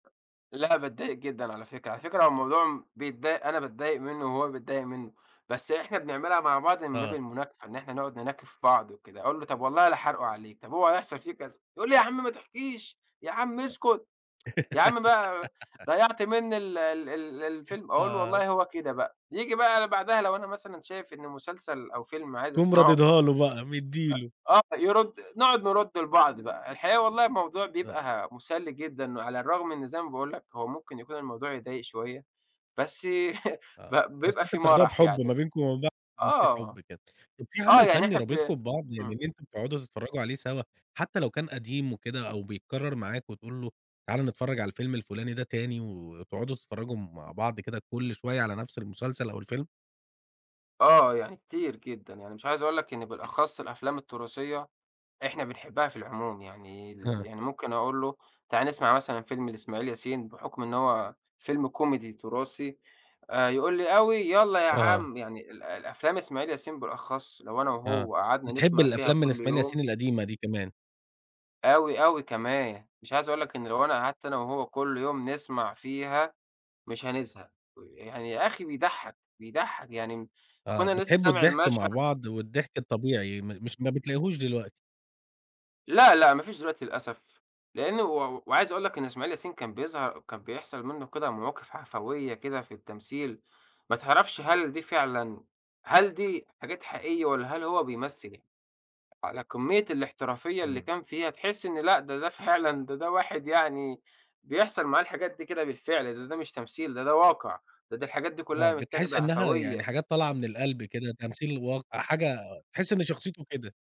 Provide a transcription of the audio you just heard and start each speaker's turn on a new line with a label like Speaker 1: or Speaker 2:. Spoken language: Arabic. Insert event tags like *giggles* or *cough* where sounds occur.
Speaker 1: لأ، باتضايق جدًا على فكرة. على فكرة هو الموضوع م بيتضايق أنا باتضايق منه، وهو بيتضايق منه. بس إحنا بنعملها مع بعض من باب
Speaker 2: آه.
Speaker 1: المناكفة، إن إحنا نقعد نناكف في بعض وكده. أقول له: "طب والله لحارقه عليك، طب هو هيحصل في كذا." يقُل لي: "يا عم ما تحكيش، يا عم اسكت، *tsk* يا عم بقى
Speaker 2: *giggles*
Speaker 1: ضيّعت مني ال ال ال الفيلم." أقُول له
Speaker 2: آه.
Speaker 1: :"والله هو كده بقى." ييجي بقى بعدها لو أنا مثلًا شايف إن مسلسل، أو فيلم عايز
Speaker 2: تقوم
Speaker 1: اسمعه
Speaker 2: راددها له بقى، مدّي
Speaker 1: أ
Speaker 2: له.
Speaker 1: آه. يرُد نقعد نرُد لبعض بقى. الحقيقة والله الموضوع
Speaker 2: آه.
Speaker 1: بيبقى مُسلّي جدًا، وعلى الرغم إن زي ما باقول لك، هو ممكن يكون الموضوع يضايق شوية، بس *laughs* ب
Speaker 2: آه. بس
Speaker 1: بيبقى
Speaker 2: أنتم
Speaker 1: في
Speaker 2: بتاخدوها
Speaker 1: مرح
Speaker 2: بحُب ما
Speaker 1: يعني.
Speaker 2: بينكم وما بين بع إن في
Speaker 1: آه.
Speaker 2: حُب كده. طب في
Speaker 1: آه.
Speaker 2: عمل
Speaker 1: يعني
Speaker 2: فني
Speaker 1: إحنا ب
Speaker 2: رابطكم ببعض، يعني
Speaker 1: إمم.
Speaker 2: إن أنتم بتقعدوا تتفرّجوا عليه سوى؟ حتى لو كان قديم وكده، أو بيتكرر معاك وتقول له: "تعالَ نتفرّج على الفيلم الفُلاني ده تاني، و وتقعدوا تتفرّجوا مع بعض كده كل شوية على نفس المسلسل، أو الفيلم؟
Speaker 1: آه. يعني كتير جدًا. يعني مش عايز أقول لك إن بالأخص الأفلام التُراثية، إحنا بنحبها في العموم. يعني ال
Speaker 2: آه.
Speaker 1: يعني ممكن أقول له: "تعالَ نسمع مثلًا فيلم لإسماعيل ياسين، بحُكم إن هو فيلم كوميدي تُراثي." آآ يقول لي: "أوي، يالّا يا
Speaker 2: آه.
Speaker 1: عم." يعني ال الأفلام إسماعيل ياسين بالأخص لو أنا
Speaker 2: آه.
Speaker 1: وهو قعدنا
Speaker 2: بتحب
Speaker 1: نسمع فيها
Speaker 2: الأفلام من
Speaker 1: كل
Speaker 2: إسماعيل
Speaker 1: يوم
Speaker 2: ياسين القديمة دي كمان.
Speaker 1: أوي، أوي كمان. مش عايز أقول لك إن لو أنا قعدت أنا وهو كل يوم نسمع فيها، مش هنزهق. ويعني يا أخي بيضحّك، بيضحك. يعني م
Speaker 2: آه.
Speaker 1: أكون أنا لسه
Speaker 2: بتحبوا
Speaker 1: سامع
Speaker 2: الضحك مع
Speaker 1: المشهد
Speaker 2: بعض، والضحك الطبيعي م مش ما بتلاقيهوش دلوقتي.
Speaker 1: لأ، لأ. ما فيش دلوقتي للأسف لأنه و وع وعايز أقول لك إن إسماعيل ياسين كان بيظهر كان بيحصل منه كده مواقف عَفويّة كده في التمثيل، ما تعرفش هل دي فعلًا هل دي حاجات حقيقية، والّا هل هو بيمثّل على كمّية الاحترافية اللي
Speaker 2: إمم.
Speaker 1: كان فيها، تحس إن لأ، ده ده فعلًا، ده ده واحد يعني بيحصل معاه الحاجات دي كده بالفعل، لإن ده مش تمثيل، ده ده واقع. ده ده الحاجات دي
Speaker 2: آه.
Speaker 1: كلها
Speaker 2: بتحس
Speaker 1: متّاخدة
Speaker 2: إنها يعني
Speaker 1: عَفويّة.
Speaker 2: حاجات طالعة من القلب كده، تمثيل الواقع حاجة تحس إن شخصيته كده.